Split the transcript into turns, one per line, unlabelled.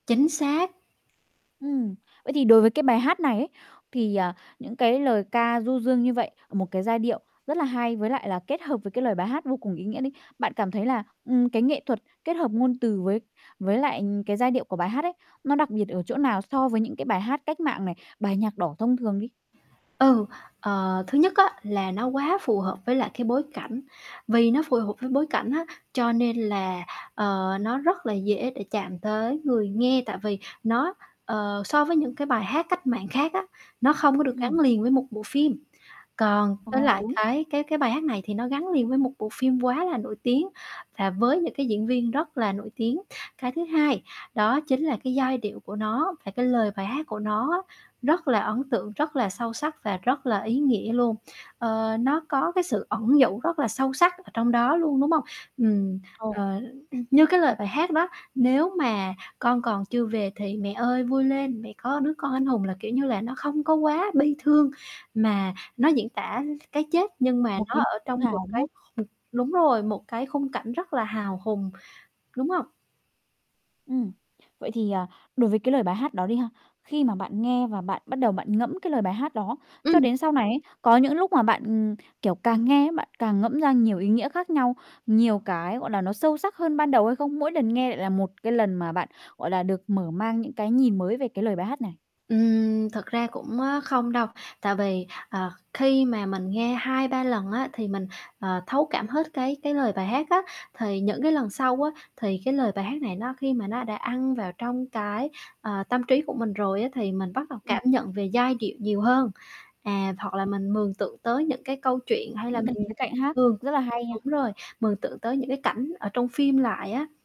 Chính xác.
Ừm. Vậy thì đối với cái bài hát này ấy, thì, ờ, những cái lời ca du dương như vậy, một cái giai điệu rất là hay, với lại là kết hợp với cái lời bài hát vô cùng ý nghĩa đi, bạn cảm thấy là, ừm, cái nghệ thuật kết hợp ngôn từ với với lại, ừm, cái giai điệu của bài hát ấy, nó đặc biệt ở chỗ nào so với những cái bài hát cách mạng này, bài nhạc đỏ thông thường đi?
Ừ. Ờ, thứ nhất á là nó quá phù hợp với lại cái bối cảnh, vì nó phù hợp với bối cảnh á, cho nên là, ờ, nó rất là dễ để chạm tới người nghe, tại vì nó, ờ, so với những cái bài hát cách mạng khác á, nó không có được
Ừm.
gắn liền với một bộ phim. Còn
Ờ,
với lại
đúng.
cái cái cái bài hát này thì nó gắn liền với một bộ phim quá là nổi tiếng và với những cái diễn viên rất là nổi tiếng. Cái thứ hai, đó chính là cái giai điệu của nó và cái lời bài hát của nó á rất là ấn tượng, rất là sâu sắc và rất là ý nghĩa luôn, ờ, nó có cái sự ẩn dụ rất là sâu sắc ở trong đó luôn, đúng hông? Ừm.
Ồ.
Ờ, l ưm, như cái lời bài hát đó: "Nếu mà con còn chưa về thì mẹ ơi vui lên, mẹ có đứa con anh hùng" là kiểu như là nó không có quá bi thương, mà nó diễn tả cái chết, nhưng mà
Một
nó
cái
ở
tự
trong một
hào, đúng
cái
không?
kh đúng rồi, một cái khung cảnh rất là hào hùng, đúng hông?
Ừm. Vậy thì, à, đối với cái lời bài hát đó đi ha, khi mà bạn nghe và bạn bắt đầu bạn ngẫm cái lời bài hát đó, cho
Ừm.
đến sau này ấy, có những lúc mà bạn, ừm, kiểu, càng nghe ấy, bạn càng ngẫm ra nhiều ý nghĩa khác nhau, nhiều cái, gọi là, nó sâu sắc hơn ban đầu hay không? Mỗi lần nghe lại là một cái lần mà bạn, gọi là, được mở mang những cái nhìn mới về cái lời bài hát này?
Ừm, thực ra cũng, a, không đâu, tại vì, ờ, khi mà mình nghe 2-3 lần á thì mình, ờ, thấu cảm hết cái cái lời bài hát á, thì những cái lần sau á, thì cái lời bài hát này nó khi mà nó đã ăn vào trong cái, ờ, tâm trí của mình rồi á thì mình bắt đầu
Ừm.
cảm nhận về giai điệu nhiều hơn. À, hoặc là mình mường tượng tới những cái câu chuyện, hay là
Những cái
mình
khía cạnh hát
mường
rất là hay
đúng
nha.
rồi, mường tượng tới những cái cảnh ở trong phim lại á.